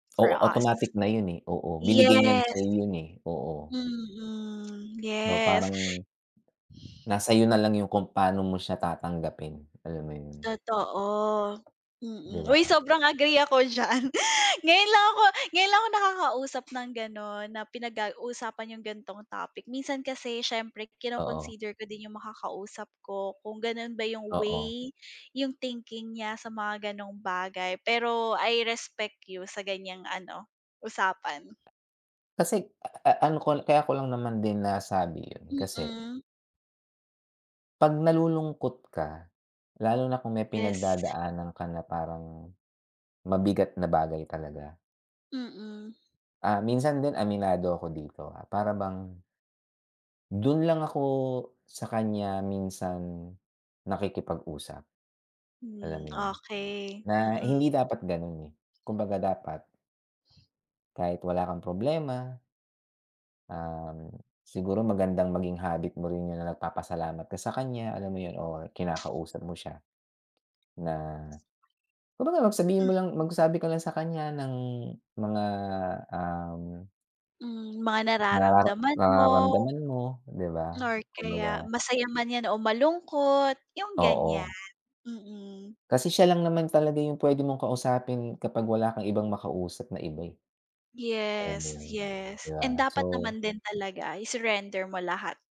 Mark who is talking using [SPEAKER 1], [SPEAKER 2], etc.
[SPEAKER 1] For
[SPEAKER 2] Oo,
[SPEAKER 1] us.
[SPEAKER 2] automatic na yun, eh. Oo. Binigay niya na
[SPEAKER 1] Yes.
[SPEAKER 2] sa'yo yun, eh. Oo.
[SPEAKER 1] Mm,
[SPEAKER 2] So
[SPEAKER 1] yes.
[SPEAKER 2] parang, nasa iyo nalang yung kung pano mo siya tatanggapin, alam mo yun?
[SPEAKER 1] Totoo.
[SPEAKER 2] Di
[SPEAKER 1] Mm.
[SPEAKER 2] ba?
[SPEAKER 1] Uy! Sobrang agree ako diyan. Ngayon lang ako ngayon lang ako nakakausap ng gano'n na pinag ga usapan yung ganitong topic. Minsan kasi siyempre
[SPEAKER 2] Oo.
[SPEAKER 1] kino-consider ko din yung makakausap ko kung gano'n ba yung
[SPEAKER 2] Oo.
[SPEAKER 1] way, yung thinking niya sa mga gano'ng bagay, pero I respect you sa ganyang ano, usapan.
[SPEAKER 2] Kasi a a a ano ko kaya ko lang naman din nasabi yun kasi
[SPEAKER 1] Mm.
[SPEAKER 2] 'pag nalulungkot ka, lalo na kung may
[SPEAKER 1] Yes.
[SPEAKER 2] pinagdadaanan ka na parang, mabigat na bagay talaga.
[SPEAKER 1] Mm.
[SPEAKER 2] Ah, minsan din aminado ako dito, ah, para bang do'n lang ako, sa kanya minsan, nakikipag-usap. Alam
[SPEAKER 1] Hmm,
[SPEAKER 2] mo yun?
[SPEAKER 1] okey.
[SPEAKER 2] Na
[SPEAKER 1] Mm.
[SPEAKER 2] hindi dapat gano'n, eh. Kumbaga dapat kahit wala kang problema um, siguro magandang maging habit mo rin yun na nagpapasalamat ka sa kanya, alam mo yun? Or kinakausap mo siya. Na kumbaga mag sabihin
[SPEAKER 1] Mhm.
[SPEAKER 2] mo lang magsabi ko lang sa kanya ng mga, um
[SPEAKER 1] Hmm, mga
[SPEAKER 2] narara
[SPEAKER 1] nararamdaman mo.
[SPEAKER 2] nararamdaman mo, 'di ba?
[SPEAKER 1] Or
[SPEAKER 2] Kumbaga
[SPEAKER 1] kaya, masaya man yan o malungkot, yung ganyan.
[SPEAKER 2] Oo.
[SPEAKER 1] Mm.
[SPEAKER 2] Kasi siya lang naman talaga yung pwede mong kausapin kapag wala kang ibang makausap na iba, eh. Alam mo
[SPEAKER 1] Yes,
[SPEAKER 2] yun?
[SPEAKER 1] yes.
[SPEAKER 2] 'Di ba?
[SPEAKER 1] And
[SPEAKER 2] So
[SPEAKER 1] dapat naman din talaga i-surrender mo lahat.